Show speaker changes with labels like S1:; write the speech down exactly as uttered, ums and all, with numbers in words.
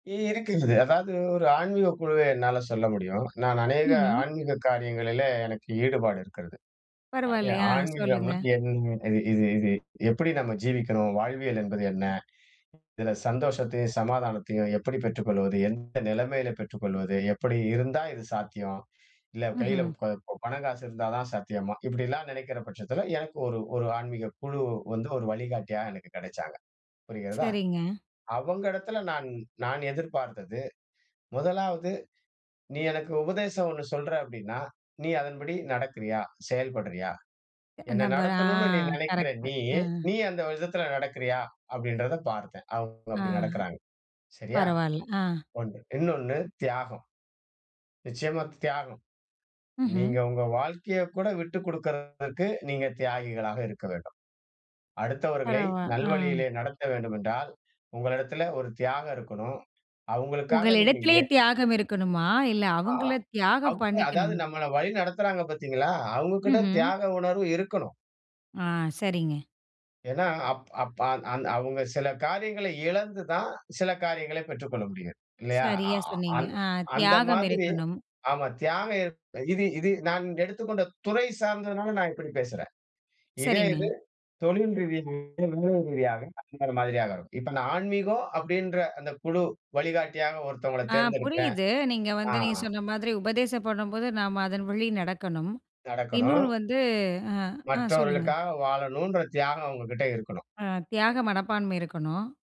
S1: இ இருக்குது, அதாவது ஒரு ஆன்மீகக் குழுவ என்னால சொல்ல முடியும். நான் அநேக
S2: ம்ஹ்ம்.
S1: ஆன்மீக காரியங்களிலே எனக்கு ஈடுபாடு இருக்குறது. ஆ,
S2: பரவாயில்லயா
S1: ஆன்மீகம்னா
S2: சொல்லுங்க.
S1: என்ன இது இது இது எப்டி நம்ம ஜீவிக்கணும், வாழ்வியல் என்பது என்ன? இதுல சந்தோஷத்தையும், சமாதானத்தையும் எப்டி பெற்றுக் கொள்வது, எந்த நெலமையில பெற்றுக் கொள்வது, எப்டி இருந்தா இது சாத்தியம், இல்ல கையில
S2: ம்ஹ்ம்.
S1: ப பண காசு இருந்தா தான் சாத்தியமா? இப்டிலாம் நெனைக்குற பட்சத்துல எனக்கு ஒரு ஒரு ஆன்மீகக் குழு வந்து ஒரு வழிகாட்டியா எனக்கு கெடச்சாங்க. புரிகிறதா?
S2: சரிங்க.
S1: அவங்க இடத்துல நான் நான் எதிர்பார்த்தது முதலாவது நீ எனக்கு உபதேசம் ஒண்ணு சொல்ற அப்டின்னா, நீ அதன்படி நடக்குறீயா? செயல்படுறியா?
S2: எ
S1: என்ன
S2: நம்பர் ஆ,
S1: நடத்தணும்னு நீ நெனைக்குறா
S2: கரெக்ட்டு,
S1: நீ,
S2: ஆ.
S1: நீ அந்த விதத்துல நடக்குறியா? அப்டின்றத பார்த்தேன். அவங்க
S2: ஆ,
S1: அப்டி நடக்குறாங்க. சரியா?
S2: பரவால்ல, ஆ.
S1: ஒண்ணு இன்னொன்னு தியாகம். நிச்சியமா, தியாகம்.
S2: ம்ஹ்ம்.
S1: நீங்க உங்க வாழ்க்கையக் கூட விட்டு குடுக்குறதுகு, நீங்க தியாகிகளாக இருக்க வேண்டும். அடுத்தவர்களை
S2: பரவா ஆ.
S1: நல்வழியிலே நடத்த வேண்டுமென்றால், உங்களிடத்திலே ஒரு தியாகம் இருக்கணும். அவங்களுக்காக நீங்க
S2: உங்களிடத்திலேயே
S1: எ
S2: தியாகம் இருக்கணுமா? இல்ல
S1: ஆ
S2: அவங்கள
S1: அவ்
S2: தியாகம்
S1: அதாவது
S2: பண்ணிக்கணுமா?
S1: நம்மள வழி நடத்துறாங்க பாத்தீங்களா, அவங்க கிட்ட
S2: ம்ஹ்ம்.
S1: தியாக உணர்வு இருக்கணும்.
S2: ஆ, சரிங்க.
S1: ஏன்னா, அப் அப் ஆ அந் அவங்க சில காரியங்கள இழந்து தான், சில காரியங்கள பெற்றுக்கொள்ள முடியும். இல்லயா? அ
S2: சரியா
S1: ஆ
S2: சொன்னீங்க, அ,
S1: அந்த
S2: தியாகம்
S1: மாதிரி
S2: இருக்கணும்.
S1: ஆமா, தியாகம் இது இது நான் எடுத்துக்கொண்ட துறை சார்ந்ததுனால நான் இப்டி பேசுறேன். இதே இது
S2: சரிங்க.
S1: தொழில் ரீதியாக வேலை ரீதியாக அந்த மாதிரியாக இருக்கும். இப்ப நான் ஆன்மீகம் அப்டின்ற அந்த குழு வழிகாட்டியாக ஒருத்தவங்கள
S2: ஆ,
S1: தேர்ந்தெடுக்குறன்.
S2: புரியுது நீங்க
S1: ஆ.
S2: வந்து, நீங்க சொன்ன மாதிரி உபதேசம் பண்ணும்போது, நம்ம அதன் வழி நடக்கணும்,
S1: நடக்கணும்.
S2: இன்னொன்னு வந்து ஆ, ஆ சொல்லுங்க.
S1: மற்றவர்களுக்காக வாழனும்ன்ற தியாகம் அவங்ககிட்ட இருக்கணும்.
S2: அ, தியாக மனப்பான்மை இருக்கணும்.